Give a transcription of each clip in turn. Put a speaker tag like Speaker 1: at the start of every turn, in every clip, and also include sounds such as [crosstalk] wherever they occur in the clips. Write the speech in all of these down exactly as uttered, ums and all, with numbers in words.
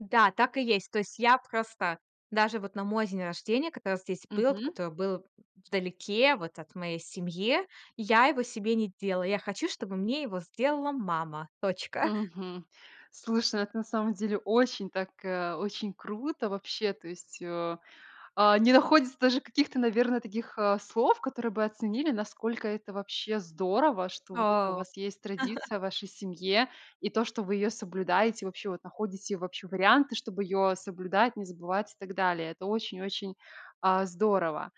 Speaker 1: Да, так и есть. То есть я просто, даже вот на мой день рождения, когда здесь был, вот
Speaker 2: Мгм.
Speaker 1: который был вдалеке вот от моей семье, я его себе не делала. Я хочу, чтобы мне его сделала мама! Точка.
Speaker 2: Мгм. Слушай, ну, это на самом деле очень так, э, очень круто, вообще, то есть, э, а, не находится даже каких-то, наверно, таких, э, слов, которые бы оценили, насколько это вообще здорово, что вот это у
Speaker 1: О.
Speaker 2: вас есть традиция
Speaker 1: [chuckles]
Speaker 2: в вашей семье. И то, что вы ее соблюдаете, вообще, вот находите вообще варианты, чтоб ее соблюдать, не забывать и так далее. Это очень-очень, а, здорово.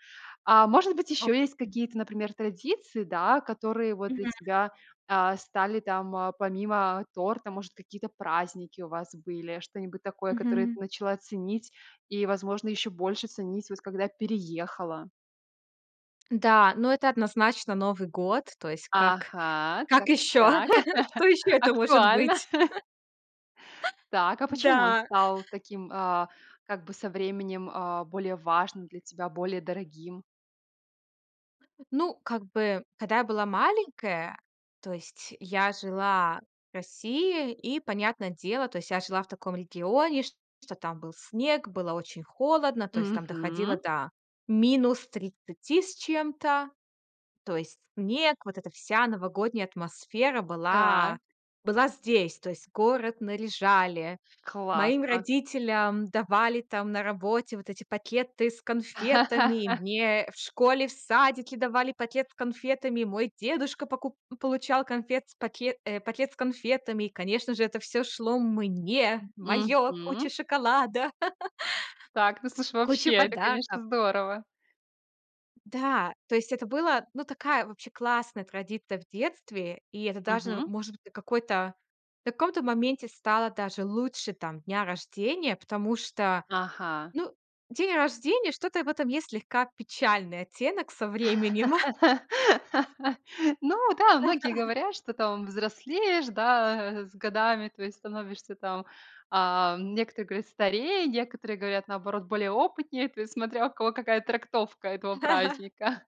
Speaker 2: А может быть,
Speaker 1: О.
Speaker 2: еще есть какие-то, например, традиции, да, которые вот для
Speaker 1: Мгм.
Speaker 2: тебя, а, стали там, помимо торта? Может, какие-то праздники у вас были, что-нибудь такое, которое ты
Speaker 1: Мгм.
Speaker 2: начала ценить и, возможно, ещё больше ценить, воть когда переехала?
Speaker 1: Да, но это однозначно Новый год. То есть как
Speaker 2: Ага,
Speaker 1: как
Speaker 2: так,
Speaker 1: ещё?
Speaker 2: так, так,
Speaker 1: [laughs] Что
Speaker 2: [chuckles]
Speaker 1: ещё это может
Speaker 2: актуально!
Speaker 1: быть?
Speaker 2: [chuckles]
Speaker 1: [laughs]
Speaker 2: Так, а почему он
Speaker 1: Да.
Speaker 2: стал таким, э, как бы со временем, э, более важным для тебя, более дорогим?
Speaker 1: Ну, как бы, когда я была маленькая, то есть я жила в России. И, понятное дело, то есть я жила в таком регионе, шт что там был снег, было очень холодно, то есть там доходило
Speaker 2: Мгм.
Speaker 1: до минус тридцати с чем-то. То есть снег, вот эта вся новогодняя атмосфера была
Speaker 2: Так.
Speaker 1: была здесь. То есть город наряжали, моим
Speaker 2: Классно.
Speaker 1: родителям давали там на работе вот эти пакеты с конфетами.
Speaker 2: [chuckles]
Speaker 1: Мне в школе, в садике давали пакет с конфетами. Мой дедушка поку получал конфет с пакет э, пакет с конфетами, и, конечно же, это всё шло мне, моё, куча
Speaker 2: Мгм.
Speaker 1: шоколада,
Speaker 2: Так, ну,
Speaker 1: [chuckles]
Speaker 2: слушай, вообще,
Speaker 1: куча
Speaker 2: это,
Speaker 1: подарков!
Speaker 2: конечно, здорово!
Speaker 1: Да, то есть это было, ну, такая вообще классная традиция в детстве. И это даже н
Speaker 2: Мгм.
Speaker 1: может быть, какой-то, в каком-то моменте стало даже лучше там дня рождения, потому что,
Speaker 2: Ага.
Speaker 1: ну, день рождения, что-то в этом есть слегка печальный оттенок со временем. [chuckles]
Speaker 2: [laughs] Ну да, многие
Speaker 1: [laughs]
Speaker 2: говорят, что там взрослеешь, да, с годами, то есть становишься там, ам, некоторые говорят, старее, некоторые говорят, наоборот, более опытнее. То есть, смотря у кого какая трактовка этого
Speaker 1: [laughs]
Speaker 2: праздника. [chuckles]